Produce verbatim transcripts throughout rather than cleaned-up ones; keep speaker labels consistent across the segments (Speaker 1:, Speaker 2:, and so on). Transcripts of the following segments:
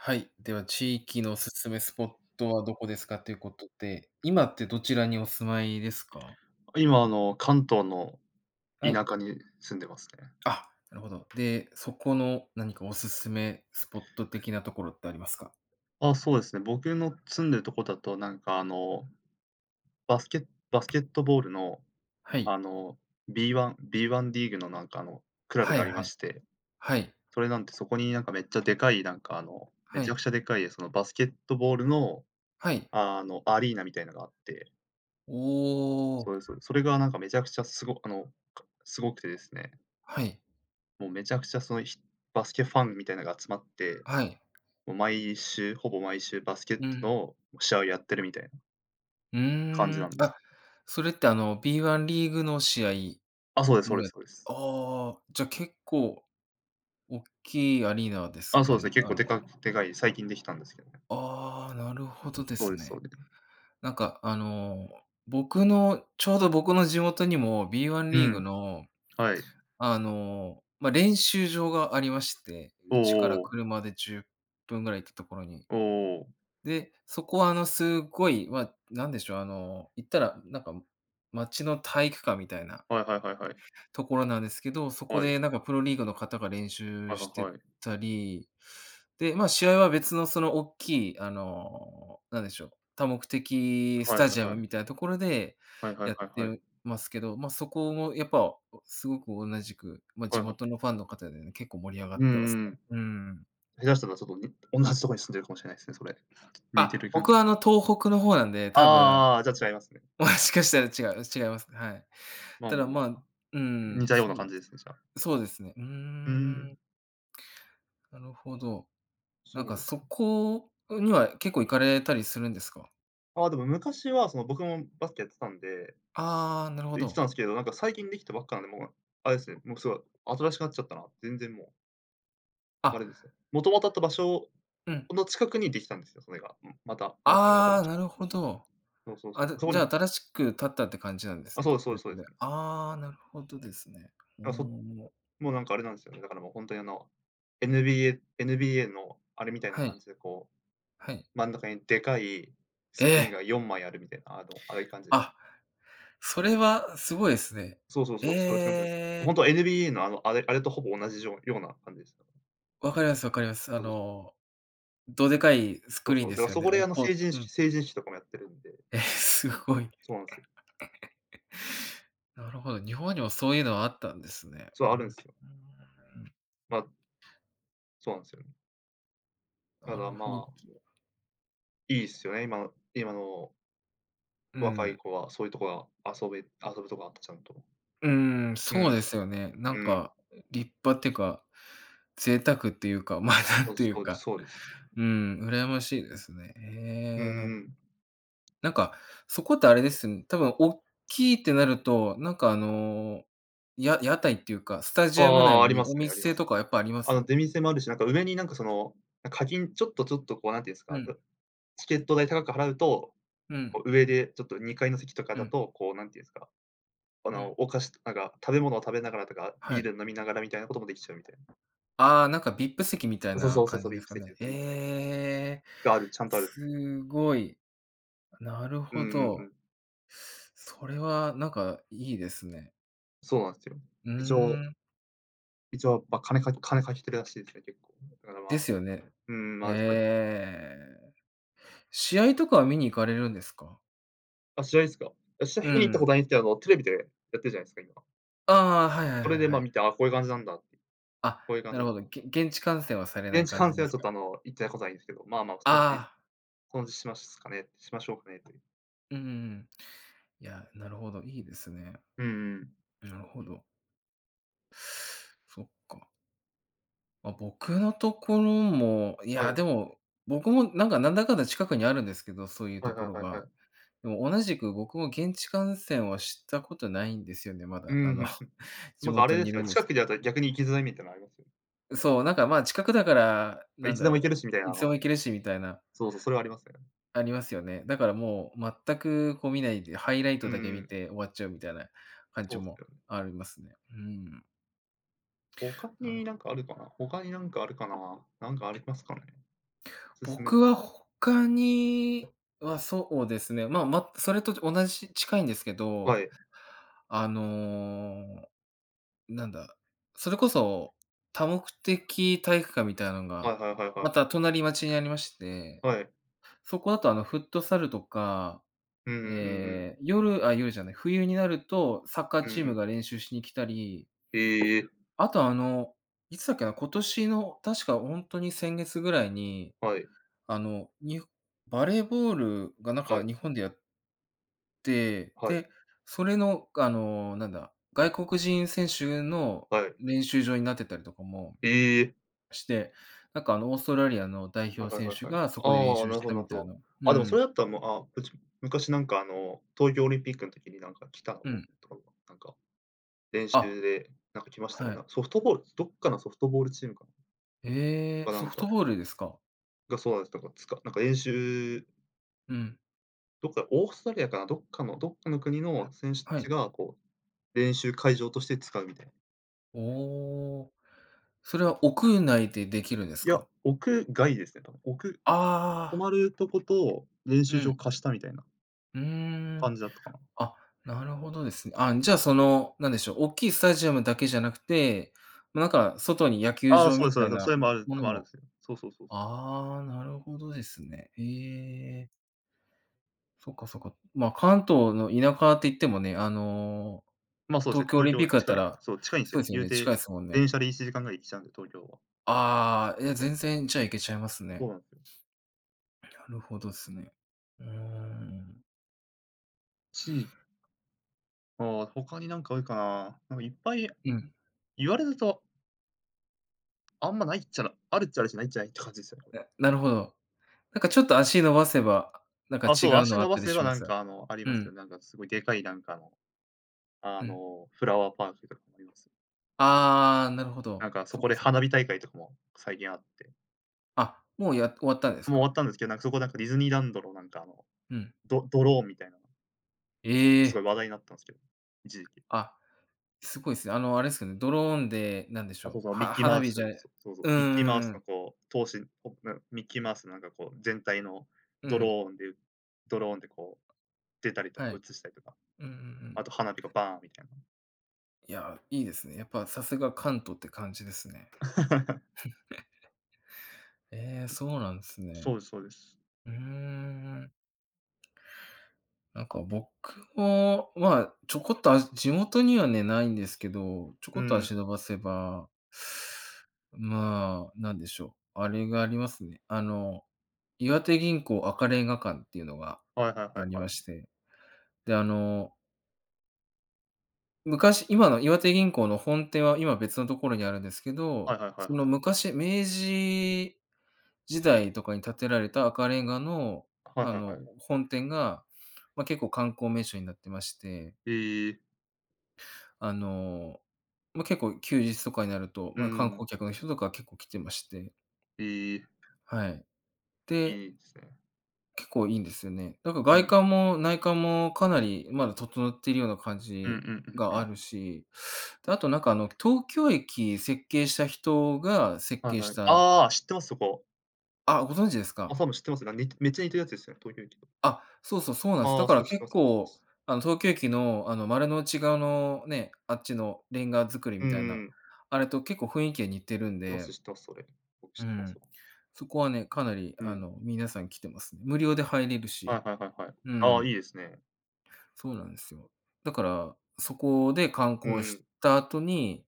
Speaker 1: はい、では地域のおすすめスポットはどこですかっていうことで、今ってどちらにお住まいですか？
Speaker 2: 今あの、関東の
Speaker 1: は
Speaker 2: 田
Speaker 1: い。
Speaker 2: 舎に住んでますね。
Speaker 1: あ、なるほど。で、そこの何かおすすめスポット的なところってありますか？
Speaker 2: あ、そうですね、僕の住んでるとこだと、なんか、あの、バスケバスケットボールの、
Speaker 1: はい。
Speaker 2: あの、B1 B1 リーグのなんか、あの、クラブ
Speaker 1: は
Speaker 2: が
Speaker 1: い
Speaker 2: あ
Speaker 1: は
Speaker 2: りま
Speaker 1: い。
Speaker 2: して、
Speaker 1: はい。
Speaker 2: それなんて、そこになんかめっちゃでかい、なんか、あのめ
Speaker 1: は
Speaker 2: ちゃ
Speaker 1: い。
Speaker 2: くちゃでっかいそのバスケットボールの、
Speaker 1: はい。
Speaker 2: あの、アリーナみたいなのがあって。
Speaker 1: おお。
Speaker 2: そうですそうです。それがなんかめちゃくちゃすごあの、かすごくてですね。
Speaker 1: はい。
Speaker 2: もうめちゃくちゃそのひバスケファンみたいなのが集まって、
Speaker 1: はい。
Speaker 2: もう毎週ほぼ毎週バスケッ
Speaker 1: う
Speaker 2: ト
Speaker 1: ん。
Speaker 2: の試合をやってるみたい
Speaker 1: うー
Speaker 2: 感じな
Speaker 1: ん、
Speaker 2: んです。
Speaker 1: あ、それってあの、B1 リーグの試合
Speaker 2: あ、そうですそう
Speaker 1: も
Speaker 2: で
Speaker 1: や
Speaker 2: す
Speaker 1: っ
Speaker 2: そうです。
Speaker 1: ああ、じゃ、結構おっきいアリーナです
Speaker 2: あ、そう
Speaker 1: か
Speaker 2: ですね、
Speaker 1: ね、
Speaker 2: 結
Speaker 1: あ
Speaker 2: 構
Speaker 1: の
Speaker 2: でかくでかい、最近できたんですけど。
Speaker 1: ああ、なるほどで
Speaker 2: そう
Speaker 1: す
Speaker 2: ですそ
Speaker 1: ね。
Speaker 2: うで
Speaker 1: なんか、あの、僕のちょうど僕の地元にも B1
Speaker 2: う
Speaker 1: リーグ
Speaker 2: ん。
Speaker 1: の、
Speaker 2: はい。
Speaker 1: あの、ま、練習場がありまして、
Speaker 2: おお
Speaker 1: 家から
Speaker 2: おお。
Speaker 1: 車でじゅっぷんぐらい行ったところに。
Speaker 2: おお。
Speaker 1: で、そこはあのすっごい、ま、なんでしょう、あの、言ったら、なんか、街の体育館みたいな
Speaker 2: はいはいはいはい。
Speaker 1: ところなんですけど、そこ
Speaker 2: はい。
Speaker 1: でなんかプロリーグの方が練
Speaker 2: は
Speaker 1: 習し
Speaker 2: は
Speaker 1: て
Speaker 2: はい。
Speaker 1: たり、で、まあ、試合は別のそのおっきい、あの、なんでしょう、多目的ス
Speaker 2: はいは
Speaker 1: タジア
Speaker 2: いは
Speaker 1: ム
Speaker 2: い。
Speaker 1: みたいなところで
Speaker 2: はいはい
Speaker 1: やっ
Speaker 2: はいはい。
Speaker 1: てますけど、ま、そこもやっぱすごく同じく、ま、
Speaker 2: は
Speaker 1: 地
Speaker 2: いは。
Speaker 1: 元のファンの方でね、結構盛り上がっ
Speaker 2: うん
Speaker 1: てます
Speaker 2: うん。
Speaker 1: ね。うん。
Speaker 2: 下手したらちょっと、に同じとこに住んでるかもしれないですね、それ。似て
Speaker 1: あ、
Speaker 2: る感じ。
Speaker 1: 僕はあの東北の方なんで、
Speaker 2: あ
Speaker 1: 多分、
Speaker 2: あああ、じゃ、違いますね。
Speaker 1: もしかしたら違う違いますか、はい。
Speaker 2: まあ
Speaker 1: た
Speaker 2: まあ
Speaker 1: だ、
Speaker 2: ま
Speaker 1: まあう
Speaker 2: あ、
Speaker 1: ー
Speaker 2: 似
Speaker 1: ん、
Speaker 2: たような
Speaker 1: そう
Speaker 2: 感
Speaker 1: で
Speaker 2: じで
Speaker 1: す。
Speaker 2: すね、じゃあ。
Speaker 1: そうですね、うー
Speaker 2: う
Speaker 1: ん。
Speaker 2: ん。
Speaker 1: なるほど、なん
Speaker 2: そ
Speaker 1: か、
Speaker 2: うで
Speaker 1: そ
Speaker 2: す。
Speaker 1: こには結構行かれたりするんですか？
Speaker 2: あ、でも昔はその僕もバスケやってたんで。
Speaker 1: ああ、なるほ
Speaker 2: 行ってた
Speaker 1: ど。
Speaker 2: んですけど、なんか最近できたばっかなんで、もう、あれですね、もうすごい、新しくなっちゃったな、全然もう。あ
Speaker 1: あ。
Speaker 2: れですよ、もともとあった場所
Speaker 1: うん。
Speaker 2: の近くにできたんですよ、それが、うん、また。全く
Speaker 1: あ
Speaker 2: 新
Speaker 1: あ、
Speaker 2: しく。
Speaker 1: なるほど。
Speaker 2: そうそうそ
Speaker 1: あ、
Speaker 2: う。
Speaker 1: じゃ
Speaker 2: そう
Speaker 1: じゃ
Speaker 2: な
Speaker 1: あ
Speaker 2: ん
Speaker 1: 新しく建ったって感じなんで
Speaker 2: あ、
Speaker 1: す
Speaker 2: そうで
Speaker 1: ね、
Speaker 2: すそうです、
Speaker 1: 別
Speaker 2: そうで
Speaker 1: で。
Speaker 2: すね。
Speaker 1: ああ、なるほどですね。お
Speaker 2: だから、そ
Speaker 1: お、もう。
Speaker 2: もうなんかあれなんですよね、だからもう本当にあの、NBA NBA のあれみたいな
Speaker 1: はい。
Speaker 2: 感じでこ
Speaker 1: はい。
Speaker 2: う、真ん中にでかいスクリーン
Speaker 1: え。
Speaker 2: がよんまいあるみたいな、あの、ああいう感じで
Speaker 1: あ、それはすごいですね。
Speaker 2: そうそうそう、そういう感じなんですね。ほ
Speaker 1: え
Speaker 2: んと
Speaker 1: え。
Speaker 2: は NBA の、あの、あれあれとほぼ同じじょうような感じでしたね。
Speaker 1: わかりますわかります。あ
Speaker 2: そうそうそう。
Speaker 1: の、どでかいス
Speaker 2: そ
Speaker 1: ク
Speaker 2: う
Speaker 1: リー
Speaker 2: そう、
Speaker 1: ン
Speaker 2: だ
Speaker 1: で
Speaker 2: から
Speaker 1: すよ
Speaker 2: そ
Speaker 1: ね。あ
Speaker 2: こで
Speaker 1: の
Speaker 2: あの、成
Speaker 1: こ
Speaker 2: 人
Speaker 1: ううん。
Speaker 2: 式成人式とかもやってるんで。
Speaker 1: え、すごい。
Speaker 2: そうなんすよ。
Speaker 1: なるほど、日本にもそういうのはあったんですね。
Speaker 2: そう、
Speaker 1: う
Speaker 2: あるんすよ。
Speaker 1: ーん。
Speaker 2: ま。そうなんすよね。た
Speaker 1: なる
Speaker 2: だ、
Speaker 1: ほ
Speaker 2: ま
Speaker 1: ど。
Speaker 2: あいいっすよね、今の今の
Speaker 1: うー
Speaker 2: 若い
Speaker 1: ん。
Speaker 2: 子は、そういうとこは遊べ遊ぶとこあった、ちゃんと。
Speaker 1: うーん、
Speaker 2: う
Speaker 1: そ
Speaker 2: ん、
Speaker 1: うですよね。なん
Speaker 2: うん。
Speaker 1: か、立派っていうか、贅沢っていうか、まあ、なん
Speaker 2: そうで
Speaker 1: と
Speaker 2: す
Speaker 1: い
Speaker 2: そ
Speaker 1: う
Speaker 2: うです
Speaker 1: か、
Speaker 2: そうです。
Speaker 1: うん、羨ましいですね。
Speaker 2: うー
Speaker 1: へえ。
Speaker 2: ん。
Speaker 1: なんか、そこってあれですん多分おっきいってなると、なんかあの、や屋台っていうか、スタ
Speaker 2: ああ
Speaker 1: ジアム
Speaker 2: ああ、
Speaker 1: 内
Speaker 2: あり
Speaker 1: に
Speaker 2: ます
Speaker 1: お
Speaker 2: ね、ありま
Speaker 1: 店
Speaker 2: す。
Speaker 1: とか、やっぱありま
Speaker 2: あの、
Speaker 1: す？
Speaker 2: 出店もあるし、なんか上に、なんか、その、な、課金ちょっとちょっと、こう、何て言うんす
Speaker 1: う
Speaker 2: か、
Speaker 1: ん。
Speaker 2: うチケット代高く払うと、
Speaker 1: うん。
Speaker 2: こう、上で、ちょっと、にかいの席とか
Speaker 1: う
Speaker 2: だ
Speaker 1: ん。
Speaker 2: と、こう、何て言うんすか、あ
Speaker 1: う
Speaker 2: の、
Speaker 1: ん。
Speaker 2: お菓子とかが、食べ物を食べながらとか、
Speaker 1: は
Speaker 2: ビー
Speaker 1: い。
Speaker 2: ルを飲みながらみたいなこともできちゃうみたい
Speaker 1: ああ、なんか VIP 席みたい
Speaker 2: そ
Speaker 1: な
Speaker 2: そそう
Speaker 1: 感
Speaker 2: そ
Speaker 1: じ
Speaker 2: う、
Speaker 1: で
Speaker 2: VIP
Speaker 1: すか
Speaker 2: 席
Speaker 1: ね、
Speaker 2: VIP 席
Speaker 1: ええ。
Speaker 2: がある。ちゃんとある。
Speaker 1: すごい。なる
Speaker 2: うんう
Speaker 1: ほ
Speaker 2: んう
Speaker 1: ど。
Speaker 2: ん。
Speaker 1: それは、なんか、いいですね。
Speaker 2: そうなんすよ。
Speaker 1: う
Speaker 2: 一応
Speaker 1: ーん。
Speaker 2: 一応、ま、金か金かけてるらしいですね。結構。だからま
Speaker 1: で
Speaker 2: あ
Speaker 1: すよね。
Speaker 2: うーん、
Speaker 1: へ
Speaker 2: ま、それ
Speaker 1: え。試合とかは見に行かれるんですか？
Speaker 2: あ、試合ですか？あ、試合
Speaker 1: う
Speaker 2: 見に行ったこ
Speaker 1: ん。
Speaker 2: とないんですけども、あのテレビでやってるじゃないすか、今。
Speaker 1: ああ。はいはい
Speaker 2: そ
Speaker 1: は
Speaker 2: れ
Speaker 1: い
Speaker 2: でま
Speaker 1: は
Speaker 2: あ
Speaker 1: い。
Speaker 2: 見て、ああ、こういう感じなんだ。こ
Speaker 1: あ、
Speaker 2: ういう感
Speaker 1: な
Speaker 2: じ
Speaker 1: る
Speaker 2: な
Speaker 1: ほ
Speaker 2: の
Speaker 1: ど。
Speaker 2: か。
Speaker 1: げ現地観戦はされない
Speaker 2: 現地
Speaker 1: 感じ
Speaker 2: 観戦
Speaker 1: で
Speaker 2: は
Speaker 1: す
Speaker 2: ちょっとあ
Speaker 1: か？
Speaker 2: の、行ったことないんですけど、まあまあそのうち、
Speaker 1: ああ。
Speaker 2: こんしますかね、しましょうかねという。
Speaker 1: うんうんうん。いや、なるほど、いいですね。
Speaker 2: うんうん。
Speaker 1: なるほど。そっか。ま、僕のところも、い
Speaker 2: は
Speaker 1: や
Speaker 2: い。
Speaker 1: でも、僕もなんか、なんだかんだ近くにあるんですけど、そういう
Speaker 2: は
Speaker 1: と
Speaker 2: いは
Speaker 1: こ
Speaker 2: い
Speaker 1: ろ
Speaker 2: は
Speaker 1: が。
Speaker 2: いはい。
Speaker 1: でも同じく僕も現地観戦はしたことないんですよね、ま
Speaker 2: うーん。
Speaker 1: だあの、地
Speaker 2: なんかあれ
Speaker 1: 元
Speaker 2: で
Speaker 1: にい
Speaker 2: す
Speaker 1: る
Speaker 2: よ、
Speaker 1: んで
Speaker 2: 近く
Speaker 1: す。
Speaker 2: にあると逆に行きづらいみたいのありますよ。
Speaker 1: そう、なんかまあ近くだから、な
Speaker 2: い
Speaker 1: ん
Speaker 2: つ
Speaker 1: だ
Speaker 2: でも行
Speaker 1: ろ
Speaker 2: けるし、みたい
Speaker 1: う、
Speaker 2: な
Speaker 1: い
Speaker 2: あ
Speaker 1: つでも
Speaker 2: の
Speaker 1: 行けるしみたいな。
Speaker 2: そうそう。それはありますね。
Speaker 1: ありますよね。だからもう全くこう見ないで、ハイライ
Speaker 2: う
Speaker 1: トだけ
Speaker 2: ー
Speaker 1: 見
Speaker 2: ん。
Speaker 1: て終わっちゃうみたいな感
Speaker 2: そ
Speaker 1: じ
Speaker 2: うっす
Speaker 1: も
Speaker 2: よね。
Speaker 1: ありますね。うーん。
Speaker 2: 他
Speaker 1: なる
Speaker 2: にな
Speaker 1: ほ
Speaker 2: んかあるかな他になんかあるかな。なんかありますかね？おすすめ。
Speaker 1: 僕は他にはそうですね、まあま、それと同じ近いんですけ
Speaker 2: は
Speaker 1: ど、
Speaker 2: い。
Speaker 1: あの、なんだ、それこそ、多目的体育館みたいなん
Speaker 2: は
Speaker 1: が、
Speaker 2: いはいはいは
Speaker 1: ま
Speaker 2: い。
Speaker 1: た隣町にありまして。
Speaker 2: はい。
Speaker 1: そこあとあの、フットサルとか、
Speaker 2: うんうんうんう
Speaker 1: え
Speaker 2: ん。
Speaker 1: え、夜、あ、夜じゃない、冬になるとサッカー
Speaker 2: うん
Speaker 1: チー
Speaker 2: う
Speaker 1: ム
Speaker 2: ん。
Speaker 1: が練習しに来たり。
Speaker 2: へえ。
Speaker 1: あとあの、いつだっけな、今年の確かほんとに先月ぐらいに、
Speaker 2: はい。
Speaker 1: あの、にほバレーボールがなん
Speaker 2: は
Speaker 1: か
Speaker 2: い。
Speaker 1: 日本でやで、
Speaker 2: はい。
Speaker 1: で、それのが、あの、なんだ、外国人選手の
Speaker 2: はい。
Speaker 1: 練習場になってたりとかも
Speaker 2: ええ。
Speaker 1: して、なんかあのオーストラリアの代
Speaker 2: は
Speaker 1: 表
Speaker 2: いはい
Speaker 1: 選
Speaker 2: はい
Speaker 1: 手
Speaker 2: はい。
Speaker 1: がそこで練
Speaker 2: ああ、
Speaker 1: 習
Speaker 2: なる
Speaker 1: し
Speaker 2: ほ
Speaker 1: た
Speaker 2: どな
Speaker 1: み
Speaker 2: るほ
Speaker 1: たい
Speaker 2: ど。
Speaker 1: な。う
Speaker 2: あ、でもそれ
Speaker 1: ん。
Speaker 2: だったらもう、あ、ぷち昔なんか、あの、東京オリンピックの時になんか来たの
Speaker 1: う
Speaker 2: も
Speaker 1: ん。
Speaker 2: とか、なんか、練
Speaker 1: あ、
Speaker 2: 習で、なんか来ました
Speaker 1: は
Speaker 2: ね。
Speaker 1: い。
Speaker 2: な、ソフトボールどっかのソフトボールチームか
Speaker 1: ええ、
Speaker 2: かな
Speaker 1: ソ
Speaker 2: ん
Speaker 1: フ
Speaker 2: か
Speaker 1: トボールですか？
Speaker 2: がそうだったか、つかなんか練習
Speaker 1: うん。
Speaker 2: どっか、オーストラリアかな、どっかのどっかの国の選手た
Speaker 1: は
Speaker 2: ち
Speaker 1: い。
Speaker 2: が、こう、練習
Speaker 1: う
Speaker 2: 会
Speaker 1: ん。
Speaker 2: 場として使うみたいな。
Speaker 1: おお。それは
Speaker 2: [unintelligible]
Speaker 1: 屋内でできるんです
Speaker 2: いや、
Speaker 1: か？
Speaker 2: 屋外ですね多分。おく泊
Speaker 1: ああ。
Speaker 2: まるとこと、練
Speaker 1: う
Speaker 2: 習
Speaker 1: ん。
Speaker 2: 場貸したみたいな
Speaker 1: うーん。
Speaker 2: 感じだったかな。
Speaker 1: あ、なるほどです。あん、じゃあその、何でしょう、大きいスタジアムだけじゃなくて、ま、なんか外に野球
Speaker 2: ああ、
Speaker 1: 場
Speaker 2: そうで
Speaker 1: み
Speaker 2: すそ
Speaker 1: たい
Speaker 2: うです、そ
Speaker 1: な
Speaker 2: れもある
Speaker 1: も
Speaker 2: 多
Speaker 1: の
Speaker 2: 分あるん
Speaker 1: も
Speaker 2: すよ。そうそうそう。
Speaker 1: ああ、なるほどですね。へえ。そっかそっか、まあ、関東の田舎って言ってもね、あの、
Speaker 2: ま、そうですね、
Speaker 1: 東京オ
Speaker 2: 東
Speaker 1: リンピ
Speaker 2: 京、
Speaker 1: ックだった
Speaker 2: 近い
Speaker 1: ら、
Speaker 2: そう、近いんす
Speaker 1: そ
Speaker 2: よ
Speaker 1: う
Speaker 2: ね。
Speaker 1: ですよ
Speaker 2: 言う
Speaker 1: ね、近
Speaker 2: て、
Speaker 1: いですもん
Speaker 2: 電
Speaker 1: ね。
Speaker 2: 車でいちじかんぐらいで行けちゃうんで、東京は。
Speaker 1: ああ。い
Speaker 2: なん
Speaker 1: や、
Speaker 2: か。
Speaker 1: 全然、じゃあ、行けちゃいます
Speaker 2: そう
Speaker 1: ね。
Speaker 2: なんすよ。
Speaker 1: なるほどっすね。おーん。
Speaker 2: ちいああ、他になんかあるかな。なんかいっぱい
Speaker 1: うん。
Speaker 2: 言われるとあんまないっちゃらあるっちゃあるしないっちゃないって感じっす、あの
Speaker 1: え、なるほど。なんかちょっと足伸ばせば、なんか
Speaker 2: あ、
Speaker 1: 違
Speaker 2: そう、
Speaker 1: う
Speaker 2: 足
Speaker 1: のあ
Speaker 2: 伸
Speaker 1: っ
Speaker 2: ば
Speaker 1: たり
Speaker 2: せ
Speaker 1: し
Speaker 2: ば
Speaker 1: ま
Speaker 2: なん
Speaker 1: す？
Speaker 2: か、あの、あり
Speaker 1: う
Speaker 2: ますよ、
Speaker 1: ん。
Speaker 2: なんかすごいでかい、なんかあのあ
Speaker 1: うん。
Speaker 2: の、フラワーパークがあります。
Speaker 1: ああ、なるほど。
Speaker 2: なんかそ
Speaker 1: そっ
Speaker 2: こで
Speaker 1: かそっか。
Speaker 2: 花火大会とかも、最近あって。
Speaker 1: あ、もうや終わったんです
Speaker 2: もう終わ
Speaker 1: か？
Speaker 2: ったんですけど、なんかそこなんかディズニーランドのなんか、あの、
Speaker 1: うん。
Speaker 2: ドドローンみたいな
Speaker 1: え
Speaker 2: あ、すごい
Speaker 1: え。
Speaker 2: 話題になったんすけど、一時期。
Speaker 1: あ、すごいっす、あの、あれすよね、ドローンで、なんでし
Speaker 2: あ、
Speaker 1: ょ
Speaker 2: そ
Speaker 1: う、
Speaker 2: うそう、ミッ
Speaker 1: は
Speaker 2: キーマ
Speaker 1: 花
Speaker 2: ウ
Speaker 1: 火じゃ
Speaker 2: ス
Speaker 1: う
Speaker 2: そ、そうそう、
Speaker 1: んう
Speaker 2: ミッキーマウ
Speaker 1: ん
Speaker 2: ス
Speaker 1: う
Speaker 2: の
Speaker 1: ん。
Speaker 2: こう、頭身ポップミッキーマウスのなんかこう全体の、
Speaker 1: う
Speaker 2: ド
Speaker 1: ん。
Speaker 2: ローンでドローンでこう、出たりとか
Speaker 1: はい。
Speaker 2: 映したりとか。
Speaker 1: うんうんう
Speaker 2: あ
Speaker 1: ん。
Speaker 2: と花火がバーンみたいな。
Speaker 1: いや、いいですね。やっぱさすが関東って感じですね。ええ、そうなんす
Speaker 2: そ
Speaker 1: ね。
Speaker 2: うですそうです。
Speaker 1: うーん、うん。なんか僕も、まあ、ちょこっと、あ、す地元にはね、ないんですけど、ちょ
Speaker 2: う
Speaker 1: こっと
Speaker 2: ん。
Speaker 1: 足伸ばせばまあ、なんでしょう、あれがありますね、あの、岩手銀行赤レンガ館っていうのが、
Speaker 2: はいはいは
Speaker 1: あ
Speaker 2: い
Speaker 1: り
Speaker 2: は
Speaker 1: ま
Speaker 2: い。
Speaker 1: して。で、あの昔今の岩手銀行の本店は今、別のところにあるんですけ
Speaker 2: は
Speaker 1: ど、
Speaker 2: いはいはいは
Speaker 1: その、
Speaker 2: い。
Speaker 1: 昔明治時代とかに建てられた赤レンガの、
Speaker 2: はい
Speaker 1: あ
Speaker 2: はいは
Speaker 1: の、
Speaker 2: い。
Speaker 1: 本店が、ま、結構観光名所になってまして
Speaker 2: へえ。
Speaker 1: あの、ま、結構、休日とかになると、
Speaker 2: うん
Speaker 1: ま、観
Speaker 2: うん。
Speaker 1: 光客の人とか結構来てまして。
Speaker 2: へえ。
Speaker 1: はい、で
Speaker 2: いいすね。
Speaker 1: 結構いいんですよね。だか、
Speaker 2: う
Speaker 1: 外
Speaker 2: ん。
Speaker 1: 観も内観もかなりまだ整っているような感
Speaker 2: うんう
Speaker 1: じ
Speaker 2: んうんう
Speaker 1: があ
Speaker 2: ん。
Speaker 1: るし、で、あとなんか、あの、東京駅設計した人が設
Speaker 2: はい
Speaker 1: 計
Speaker 2: は
Speaker 1: し
Speaker 2: い、
Speaker 1: た
Speaker 2: ああ、知ってます、そこ。
Speaker 1: あ、ご存知です
Speaker 2: あ、
Speaker 1: か。
Speaker 2: そういうの知ってますが、似てめっちゃ似てるやつですよ、東京駅と。
Speaker 1: あ、そうそう、そうなんす。
Speaker 2: あ
Speaker 1: だ
Speaker 2: あ、
Speaker 1: か
Speaker 2: そ
Speaker 1: ら
Speaker 2: う、知って
Speaker 1: 結
Speaker 2: ます。す。
Speaker 1: 構、あの、東京駅の、あの、丸の内側のね、あっちのレンガ造り
Speaker 2: うん
Speaker 1: みたいな、
Speaker 2: うん。
Speaker 1: あれと結構、ふいんきが似てるん
Speaker 2: てます、
Speaker 1: で
Speaker 2: 知ってます、それ。僕
Speaker 1: う
Speaker 2: 知ってま
Speaker 1: ん、
Speaker 2: すわ。
Speaker 1: そこはね、かなり、
Speaker 2: う
Speaker 1: あ
Speaker 2: ん。
Speaker 1: の、皆さん来てます。無料で入れる
Speaker 2: は
Speaker 1: し。
Speaker 2: いはいはいはい。
Speaker 1: うんう
Speaker 2: ああ、い
Speaker 1: ん。
Speaker 2: いですね。
Speaker 1: そうなんですよ。だから、そこで観
Speaker 2: うん
Speaker 1: 光
Speaker 2: う
Speaker 1: し
Speaker 2: ん。
Speaker 1: た後に、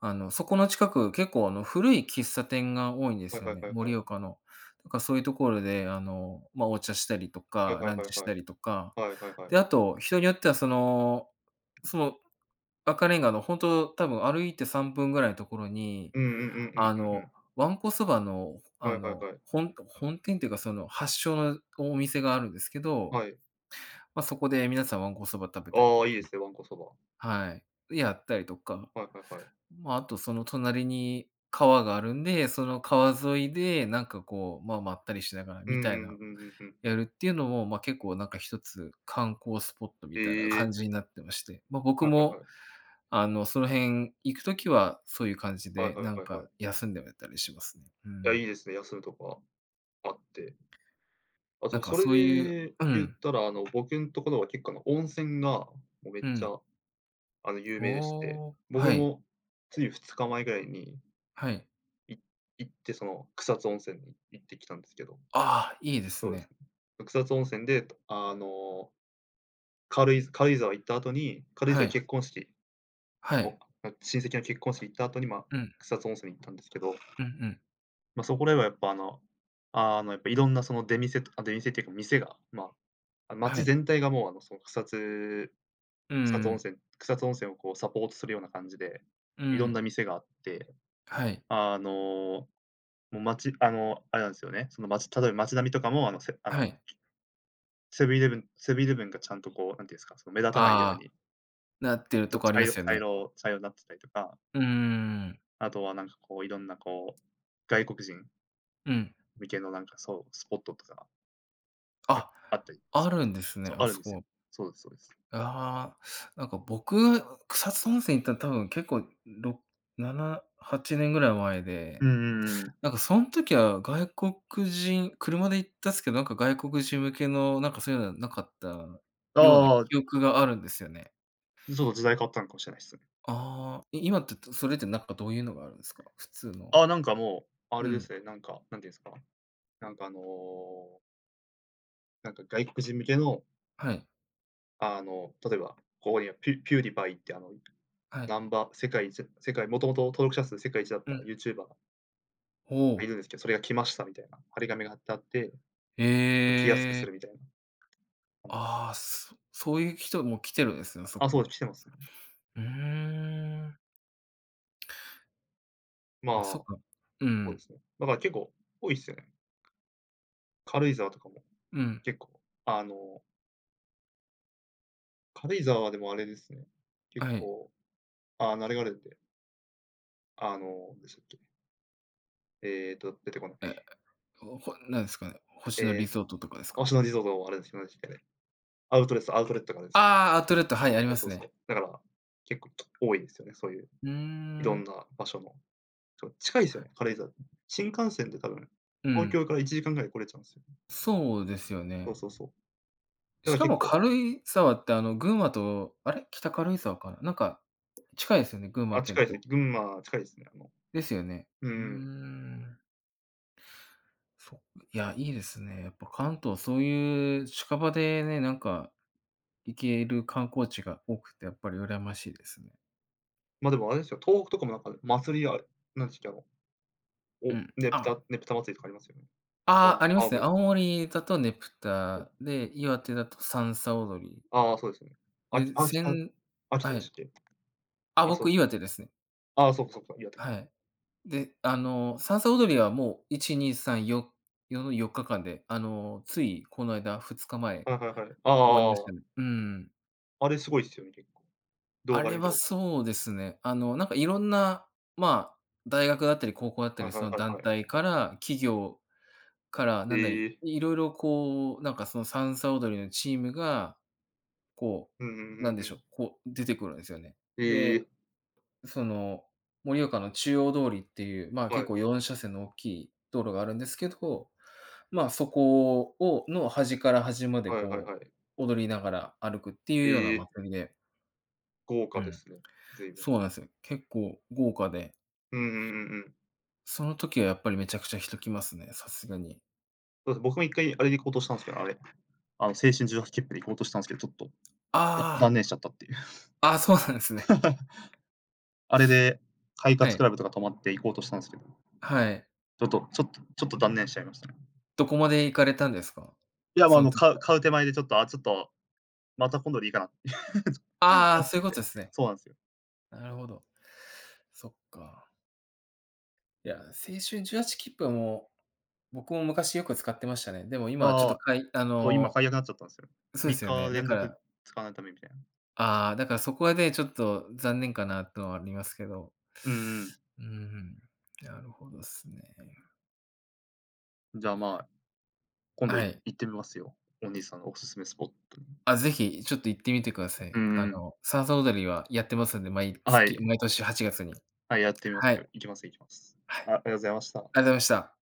Speaker 1: あの、そこの近く、結構、あの、古い喫茶店が多いんで
Speaker 2: は
Speaker 1: す
Speaker 2: い
Speaker 1: よ
Speaker 2: はい
Speaker 1: ね、
Speaker 2: はいは
Speaker 1: 盛
Speaker 2: い。
Speaker 1: 岡の。だか、そういうところで、あの、まあ、お茶したりと
Speaker 2: はい
Speaker 1: か、
Speaker 2: はい
Speaker 1: ラン
Speaker 2: はい
Speaker 1: チし
Speaker 2: は
Speaker 1: た
Speaker 2: い。
Speaker 1: りとか。
Speaker 2: はいはいは
Speaker 1: で、
Speaker 2: い。
Speaker 1: あと、人によってはそのその、赤レンガのほんと、多分歩いてさんぷんぐらいのところに、
Speaker 2: うんうんうんうん
Speaker 1: あ
Speaker 2: うんう
Speaker 1: の、
Speaker 2: ん。
Speaker 1: わんこそばの、あ
Speaker 2: はいはい
Speaker 1: の、
Speaker 2: はい。
Speaker 1: 本本店ていうか、その、発祥のお店があるんですけど、
Speaker 2: はい。
Speaker 1: ま、そこで皆さんわんこそば食べたり
Speaker 2: あ
Speaker 1: と
Speaker 2: あ、
Speaker 1: か
Speaker 2: いいで
Speaker 1: も
Speaker 2: すね、わんこそば。
Speaker 1: はい、で、やったりとか、
Speaker 2: はいはいはい。
Speaker 1: まあ、あとその隣に川があるんで、その川沿いでなんかこう、まあ、まったりしながら
Speaker 2: うん
Speaker 1: み
Speaker 2: う
Speaker 1: たい
Speaker 2: ん
Speaker 1: な、
Speaker 2: う、ふん、ふふんふん。
Speaker 1: やるっていうのも、まあ、結構なんか一つ、観光スポットみ
Speaker 2: へ
Speaker 1: たいな感
Speaker 2: え。
Speaker 1: じになってまして、ま、僕
Speaker 2: はいはい
Speaker 1: も、
Speaker 2: はい。
Speaker 1: あの、その辺行くときは、そういう感じ
Speaker 2: はい
Speaker 1: で、
Speaker 2: は
Speaker 1: な
Speaker 2: い
Speaker 1: ん
Speaker 2: はいはい。
Speaker 1: か休んでたりします。う
Speaker 2: いや、い
Speaker 1: ん。
Speaker 2: いですね、休むとこああってあ、
Speaker 1: な
Speaker 2: そ
Speaker 1: ん
Speaker 2: う、
Speaker 1: か
Speaker 2: それ
Speaker 1: そういう
Speaker 2: で
Speaker 1: う
Speaker 2: 言っ
Speaker 1: ん。
Speaker 2: たら、あの、僕んところは結構、あの、温泉が、もうめっ
Speaker 1: う
Speaker 2: ち
Speaker 1: ん。
Speaker 2: ゃ、あの、有
Speaker 1: あ、あ
Speaker 2: 名でして、
Speaker 1: あ、
Speaker 2: 僕
Speaker 1: はい。
Speaker 2: も、ついふつかまえぐらいに
Speaker 1: はい。
Speaker 2: い行って、その、草津温泉に行ってきたんですけど。
Speaker 1: ああ、いいです
Speaker 2: そうです。
Speaker 1: ね。
Speaker 2: 草津温泉で、あの軽井軽井沢行った後に軽井
Speaker 1: は
Speaker 2: 沢
Speaker 1: い。
Speaker 2: 結婚式、
Speaker 1: はい。
Speaker 2: おなん親戚の結婚式行った後に、ま、
Speaker 1: うん。
Speaker 2: 草津温泉行ったんですけど、
Speaker 1: うんうん。
Speaker 2: ま、そこではやっぱ、あのあのやっぱ色んな、その、出店とかあ、出店っていうか店が、まあ、
Speaker 1: は
Speaker 2: 街
Speaker 1: い。
Speaker 2: 全体がもう、あの、その、草津
Speaker 1: うん
Speaker 2: 草津
Speaker 1: う
Speaker 2: 温
Speaker 1: ん。
Speaker 2: 泉草津温泉をこうサポートするような感じで、
Speaker 1: う
Speaker 2: いろんな
Speaker 1: ん。
Speaker 2: 店があって、
Speaker 1: はい。
Speaker 2: あの、もう街あの、あれなんすよね、その街例えば街並みとかも、あのセあ
Speaker 1: は
Speaker 2: の
Speaker 1: い。
Speaker 2: セブンイレブンセブンイレブンがちゃんとこう、なんて言うんすか、その、目立たないよう
Speaker 1: ああ、
Speaker 2: に
Speaker 1: なってる
Speaker 2: と、
Speaker 1: とこあり
Speaker 2: 茶
Speaker 1: ま
Speaker 2: 色
Speaker 1: すよ
Speaker 2: 茶
Speaker 1: ね。
Speaker 2: 色茶色になってたりとか
Speaker 1: うーん。
Speaker 2: あとはなんかこう、色んなこう、外国人
Speaker 1: うん。
Speaker 2: 向けのなんか、そう、スポットとか。はい、
Speaker 1: あ、
Speaker 2: あったり
Speaker 1: あ
Speaker 2: するんで
Speaker 1: る
Speaker 2: す
Speaker 1: ん
Speaker 2: よ。
Speaker 1: ですね。
Speaker 2: そう、
Speaker 1: あ
Speaker 2: あるん
Speaker 1: そ
Speaker 2: ですよ。
Speaker 1: こ。
Speaker 2: そうですそうです。
Speaker 1: ああ、なんか僕、草津温泉行ったの多分けっこう、ろっななはちねんぐらい前
Speaker 2: う
Speaker 1: で、
Speaker 2: んうんうんうん。
Speaker 1: なんかそん時は外国人車で行ったんすけど、なんか外国人向けの、なんかそういうのなかった
Speaker 2: あ
Speaker 1: ような
Speaker 2: あ。
Speaker 1: 記憶があるんですよね。
Speaker 2: そう、時代変わったのかもしれないっすよね。
Speaker 1: ああ、い今ってって、それって、なんか、どういうのがあるんですか？普通の。
Speaker 2: あ、なんかもう、あ
Speaker 1: う
Speaker 2: れで
Speaker 1: ん。
Speaker 2: すね、なんか、なんていうんですか、なんかあのなんか外国人向けの
Speaker 1: はい。
Speaker 2: あの、例えば、ここにはピュピューディパイってあの、
Speaker 1: はい。
Speaker 2: ナンバ世界い世界もともと登録者数世界一だっ
Speaker 1: う
Speaker 2: た
Speaker 1: ん。
Speaker 2: ユーチューバー
Speaker 1: ほう。
Speaker 2: いるんですけど、それが来ましたみたいな、貼り紙が貼ってあって。来やすく
Speaker 1: へ
Speaker 2: す
Speaker 1: え。
Speaker 2: るみたいな。あん
Speaker 1: ああ、そそういう人も来てるんですね、そ
Speaker 2: あ、そうで
Speaker 1: こ。
Speaker 2: す、来てますね。
Speaker 1: うーん。
Speaker 2: まあ、
Speaker 1: ま、そっ
Speaker 2: そ
Speaker 1: か。う
Speaker 2: うで
Speaker 1: ん。
Speaker 2: すね。だからけっこう、多いっすよね。軽井沢とかも、
Speaker 1: うん。
Speaker 2: けっこう、あの軽井沢、でもあれですね、結
Speaker 1: はい。
Speaker 2: 構、ああ、あの、あれあるんで。あの、なんでしたっけ？えっと、出てこな
Speaker 1: え、
Speaker 2: い。
Speaker 1: ほほなんすかね、星野リ
Speaker 2: え、
Speaker 1: ゾートとかですか？
Speaker 2: 星野リゾートあれですあれすけねアウトレスアウトレットがあるんす。
Speaker 1: ああ、アウトレット、はい、あり
Speaker 2: い
Speaker 1: ま
Speaker 2: や、そ
Speaker 1: す
Speaker 2: うそ
Speaker 1: ね。
Speaker 2: う、だから結構多いですよねそういう、
Speaker 1: うー
Speaker 2: いろん
Speaker 1: ん。
Speaker 2: な場所の。ちょっ、近いですよね、軽井沢、うん。新幹線で多分
Speaker 1: うんう
Speaker 2: 東
Speaker 1: ん。
Speaker 2: 京からいちじかんぐらいで来れちゃうんすよ。
Speaker 1: そうですよ
Speaker 2: そう
Speaker 1: ね。
Speaker 2: そうそう。だ
Speaker 1: し
Speaker 2: から
Speaker 1: か
Speaker 2: 結
Speaker 1: も
Speaker 2: 構
Speaker 1: 軽井沢って、あの、群馬とあれ？北軽井沢かな、なんか、近いすよね、群馬
Speaker 2: あ、
Speaker 1: 県
Speaker 2: 近いすね。
Speaker 1: と。
Speaker 2: 群馬近いですね、あの
Speaker 1: ですよね。
Speaker 2: うんう
Speaker 1: うー
Speaker 2: ん。
Speaker 1: ん。そん、いや、いいですね、やっぱ関東、そういう近場でね、なんか、行ける観光地が多くて、やっぱり羨ましいですね。
Speaker 2: ま、でもあれですよ、東北とかもなんか、祭りあるなんすっけ、あの、
Speaker 1: う
Speaker 2: お
Speaker 1: ん、
Speaker 2: ね
Speaker 1: あ
Speaker 2: ぷた
Speaker 1: あ。
Speaker 2: ねぷた祭りとかありますよね。あの、
Speaker 1: ああ、ありま
Speaker 2: 青
Speaker 1: すね。
Speaker 2: 森。
Speaker 1: 青森だとねぷ
Speaker 2: そう。
Speaker 1: たで、岩手だとさんさ踊り。
Speaker 2: ああああ、そうですね。あき
Speaker 1: で、
Speaker 2: 秋
Speaker 1: せ
Speaker 2: 田
Speaker 1: ん
Speaker 2: 秋田
Speaker 1: は
Speaker 2: で
Speaker 1: い。
Speaker 2: しっけ。
Speaker 1: あ、
Speaker 2: あ、そう
Speaker 1: 僕岩手ですね。
Speaker 2: ああ、そうかそうか、岩手か。
Speaker 1: はい。で、あの、さんさ踊りはもう、いちにっさんよよのよっかかんで、あの、ついこの間、ふつかまえ
Speaker 2: はいはいはい。ああああ、あ、
Speaker 1: 終わりまし
Speaker 2: わわ。
Speaker 1: たね。うんうん。
Speaker 2: あれすごいっすよね、結構。動
Speaker 1: あ
Speaker 2: 画で
Speaker 1: れ
Speaker 2: 見て
Speaker 1: は
Speaker 2: こう
Speaker 1: そうですね、あの、なんか色んな、まあ、大学だったり高校だった
Speaker 2: はい
Speaker 1: り、
Speaker 2: は
Speaker 1: そ
Speaker 2: い
Speaker 1: の、
Speaker 2: はい
Speaker 1: 団
Speaker 2: はい。
Speaker 1: 体から企業から、なんだ、
Speaker 2: へえ。
Speaker 1: 色々こう、なんか、その、さんさ踊りのチームが、こ
Speaker 2: うんうん、ふ
Speaker 1: う、な
Speaker 2: ん
Speaker 1: んで
Speaker 2: ふ
Speaker 1: しょう、
Speaker 2: ん。
Speaker 1: こう、出てくるんですよね。
Speaker 2: へ
Speaker 1: で、
Speaker 2: え。
Speaker 1: その、盛岡の中央通りっていう、まあ、
Speaker 2: は
Speaker 1: 結
Speaker 2: い。
Speaker 1: 構、よんしゃせんの大きい道路があるんですけど、ま、そこををの、端から端まで
Speaker 2: はいはい
Speaker 1: こ
Speaker 2: はい。
Speaker 1: う、踊りながら歩くっていうような
Speaker 2: へえ。
Speaker 1: 祭りで。
Speaker 2: 豪
Speaker 1: う
Speaker 2: 華で
Speaker 1: ん。
Speaker 2: すね、随分。
Speaker 1: そうなんす。結構豪華で。
Speaker 2: うんうんうんうん。
Speaker 1: その時はやっぱりめちゃくちゃ人来ますね、さすがに。
Speaker 2: あ、は、僕も一回あれで行こうとしたんすけど、あれ、あの、青春18きっぷで行こうとしたんすけど、ちょっと、だ断
Speaker 1: あ
Speaker 2: 念しちゃったっていう。
Speaker 1: あ。あ、そうなんですね。
Speaker 2: あれで、快
Speaker 1: は
Speaker 2: 活
Speaker 1: い。
Speaker 2: クラブとか泊まって行こうとしたんすけど、
Speaker 1: はい。
Speaker 2: ちょっとちょっとちょっと断念しちゃいましたね。
Speaker 1: どこまで行かれたんですか？
Speaker 2: いやも
Speaker 1: そ
Speaker 2: う、あ
Speaker 1: の
Speaker 2: の、
Speaker 1: 時
Speaker 2: 買う
Speaker 1: は。
Speaker 2: 買う手前でちょっと、あ、ちょっと、また今度でいいかな、ちょ、
Speaker 1: ああああ、
Speaker 2: なっち
Speaker 1: そうい
Speaker 2: ゃ
Speaker 1: う
Speaker 2: っ
Speaker 1: こ
Speaker 2: て。
Speaker 1: とすね。
Speaker 2: そうなんすよ。
Speaker 1: なるほど。そっか。いや、青春18きっぷはもう、僕も昔よく使ってましたね。でも今
Speaker 2: あ
Speaker 1: はちょっ
Speaker 2: ああ
Speaker 1: と
Speaker 2: あ。
Speaker 1: かいあ
Speaker 2: そう、今
Speaker 1: の、
Speaker 2: 改悪なっちゃったんすよ。
Speaker 1: そうで
Speaker 2: みっ
Speaker 1: すよ
Speaker 2: か
Speaker 1: ね。だ
Speaker 2: 連
Speaker 1: か
Speaker 2: 続、
Speaker 1: ら
Speaker 2: 使わない為みたいな。
Speaker 1: ああ。だからそこはね、ちょっと残念かなってのありますけど。
Speaker 2: うんうん。
Speaker 1: うん、ふん。なるほどっすね。
Speaker 2: じゃあ、まあ、今
Speaker 1: あ、
Speaker 2: 度
Speaker 1: は
Speaker 2: い
Speaker 1: い。
Speaker 2: 行ってみますよ、お兄さんのお勧めスポットに。
Speaker 1: あ、ぜひ、ちょっと行ってみてくださ
Speaker 2: う
Speaker 1: い。あ
Speaker 2: んうん。
Speaker 1: の、さんさ踊りはやってますんで、毎
Speaker 2: あ、は
Speaker 1: 月
Speaker 2: い。
Speaker 1: 毎年はちがつに。
Speaker 2: はい、やってみます
Speaker 1: は
Speaker 2: け
Speaker 1: い。
Speaker 2: ど。行きます行きます。
Speaker 1: はい。
Speaker 2: あ、ありがとざいました。
Speaker 1: ありあとました。